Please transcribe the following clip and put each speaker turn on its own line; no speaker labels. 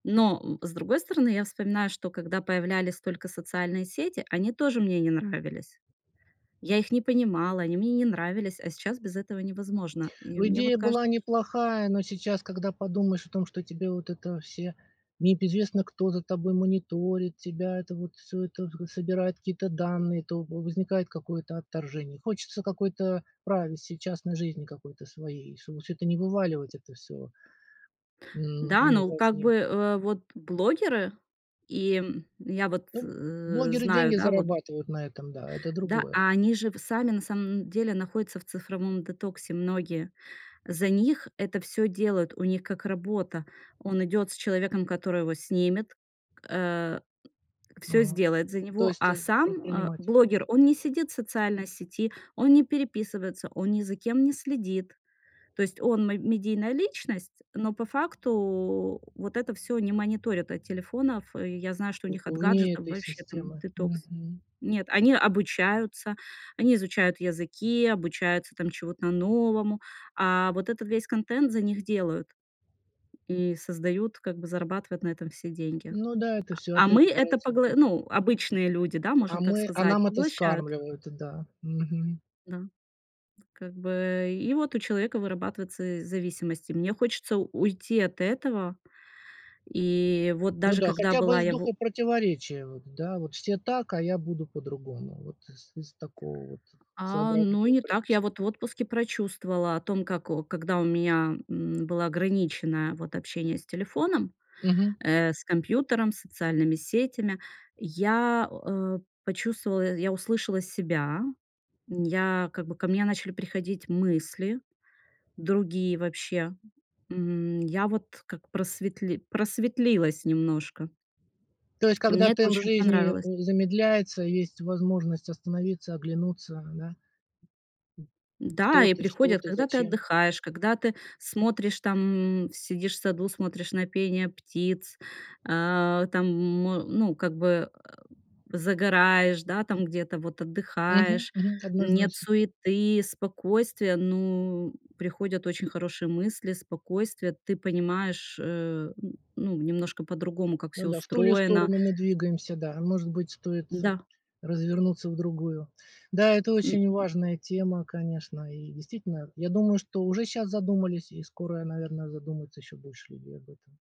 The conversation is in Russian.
Но, э, с другой стороны, я вспоминаю, что когда появлялись только социальные сети, они тоже мне не нравились. Я их не понимала, они мне не нравились. А сейчас без этого невозможно. И
Ну
мне вот
идея
каж
была неплохая, но сейчас, когда подумаешь о том, что тебе вот это все не п известно, кто за тобой мониторит тебя, это вот всё это г собирает какие-то данные. То во возникает какое-то отторжение, хочется какой-то privacy, частной жизни какой-то своей. Чтобы всё это не вываливать, это всё. М.
Да,
Ну
ну
во
как
вне.
бы, э, вот блогеры? И, м, я вот,
Ну б
э,
блогеры
знаю,
деньги
да, вот
зарабатывают на этом. Да, это
Да.
другое.
А они же в сами на самом деле находятся в цифровом детоксе многие. За них это всё делают, у них как работа. Он идёт с человеком, который его снимет, э, всё
Мгм.
сделает за
То
него.
есть,
А
э,
сам, э,
предприниматель.
блогер, он не сидит в социальной сети, он не переписывается, он ни за кем не следит. То есть он мэ медийная личность, но по факту вот это всё они мониторят от телефонов. И я знаю, что у
В
них от
вне
гаджетов
этой
вообще там
системы.
детокс.
Мгм.
Нет, они обучаются, они изучают языки, обучаются там чему-то новому. А вот этот весь контент за них делают. И создают, как бы зарабатывают на этом все деньги.
Ну да, это
А
всё
а мы
опять
это
упирается в
погла
бизнес.
ну, обычные люди, да,
А
можно так
мы, а
сказать,
нам это
поглощают.
скармливают, э, да. Мгм.
Да. Тут. Как бы и вот у человека вырабатываются зависимости. Мне хочется у уйти от этого. И вот
Ну
даже
да,
когда
хотя бы
была
из
я
духа
во
противоречия. Вот, да, вот все так, а я буду по-другому. Вот из из такого вот
А, ну и
своеобразного
не так.
упрямства.
Я вот в отпуске прочувствовала о том, как о когда у меня, м, было ограничено, вот общение с телефоном,
Мгм.
э, с компьютером, социальными сетями. Я о э, почувствовала, я услышала себя. Н я как бы ко мне начали приходить мысли другие вообще. М, я вот как просветли просветлилась немножко.
То есть
И
когда
мне это
темп
очень
жизни,
понравилось.
э, замедляется, есть возможность остановиться, оглянуться. Да? М.
Да,
Кто
и
ты? Что
приходят,
ты?
когда ты
Зачем?
отдыхаешь, когда ты смотришь, там, м, сидишь в саду, смотришь на пение птиц. Э, там, м, ну, как бы, э, загораешь, да, там где-то вот
Мгм,
отдыхаешь.
мгм,
Нет
однозначно, да.
суеты, спокойствие. Ну, приходят очень хорошие мысли, спокойствие. Ты понимаешь, э, н ну, немножко по-другому, как
Ну
всё
да, в ту ли
устроено.
сторону мы двигаемся, да. Может быть, стоит, э,
Да.
развернуться в другую. Да, это
М.
очень важная тема, конечно. И действительно, я думаю, что уже щас задумались и скоро, наверно, задумаются еще больше людей об этом.